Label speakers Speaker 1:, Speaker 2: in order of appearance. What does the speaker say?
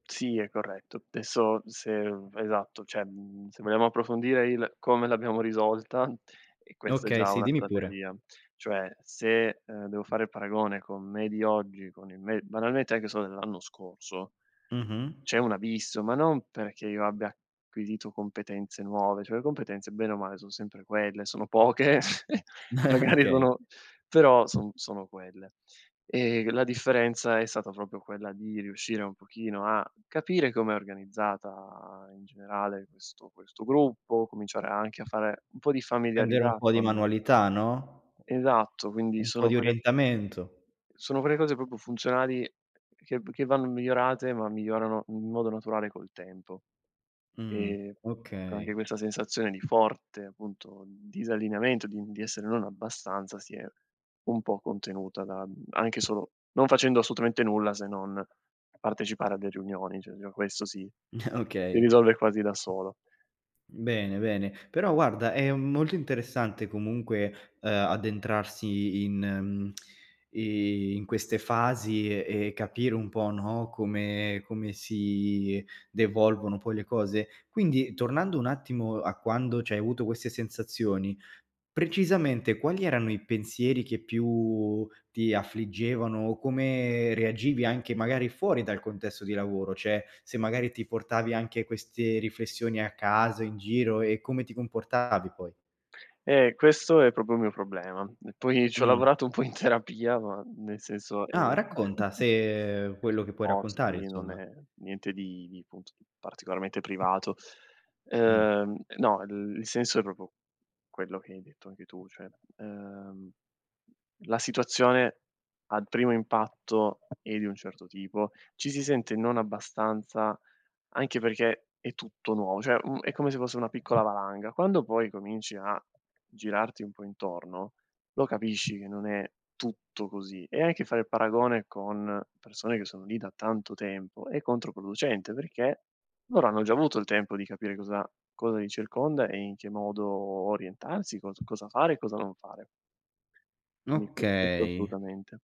Speaker 1: Sì, è corretto. Adesso se esatto, cioè, mhmm, se vogliamo approfondire il: come l'abbiamo risolta, e questa è
Speaker 2: Okay,
Speaker 1: già
Speaker 2: sì,
Speaker 1: una
Speaker 2: dimmi pure.
Speaker 1: strategia. Cioè se, ehm, devo fare il paragone con me di oggi, con il me banalmente anche solo dell'anno scorso,
Speaker 2: Mh-mh.
Speaker 1: c'è un abisso, ma non perché io abbia acquisito competenze nuove, cioè le competenze bene o male son sempre quelle, sono poche magari
Speaker 2: Okay.
Speaker 1: sono però son sono quelle. Ehm, la differenza è stata proprio quella di riuscire un pochino a capire com'è organizzata in generale questo questo gruppo, cominciare anche a fare un po' di
Speaker 2: Prendere un
Speaker 1: familiarità
Speaker 2: po' di
Speaker 1: con
Speaker 2: manualità, no.
Speaker 1: Esatto, quindi
Speaker 2: Un po'
Speaker 1: sono
Speaker 2: di
Speaker 1: quelle
Speaker 2: orientamento.
Speaker 1: sono quelle cose proprio funzionali che v che vanno migliorate, ma migliorano in modo naturale col tempo.
Speaker 2: Mh,
Speaker 1: Ehm, co anche
Speaker 2: okay.
Speaker 1: questa sensazione di forte appunto disallineamento, di di essere non abbastanza, si è un po' contenuta da, mhmm, anche solo non facendo assolutamente nulla se non partecipare alle riunioni, cioè già questo si si
Speaker 2: Okay.
Speaker 1: risolve quasi da solo.
Speaker 2: Bene bene. Però guarda, è molto interessante comunque, ehm, addentrarsi in mhmm, i in queste fasi e e capire un po', no, come come si devolvono poi le cose. Quindi tornando un attimo a quando c'hai avuto queste sensazioni, precisamente quali erano i pensieri che più ti affliggevano o come reagivi anche magari fuori dal contesto di lavoro? Cioè, se magari ti portavi anche queste riflessioni a casa in giro e come ti comportavi poi?
Speaker 1: Eh, questo è proprio il mio problema. E poi ci ho
Speaker 2: Mh.
Speaker 1: lavorato un po' in terapia, ma nel senso
Speaker 2: Ah,
Speaker 1: ehm
Speaker 2: racconta se quello che puoi
Speaker 1: O,
Speaker 2: raccontare
Speaker 1: sì, non
Speaker 2: insomma.
Speaker 1: è niente di di appunto particolarmente privato.
Speaker 2: Mh.
Speaker 1: Ehm, e no, il il senso è proprio quello che hai detto anche tu, cioè, ehm, la situazione al primo impatto è di un certo tipo, ci si sente non abbastanza, anche perché è tutto nuovo, cioè, mhmm, è come se fosse una piccola valanga. Quando poi cominci a girarti un po' intorno, lo capisci che non è tutto così. E anche fare il paragone con persone che sono lì da tanto tempo è controproducente, perché loro hanno già avuto il tempo di capire cosa cosa li circonda e in che modo orientarsi, cos cosa fare e cosa non fare. Quindi q questo
Speaker 2: Okay.
Speaker 1: assolutamente.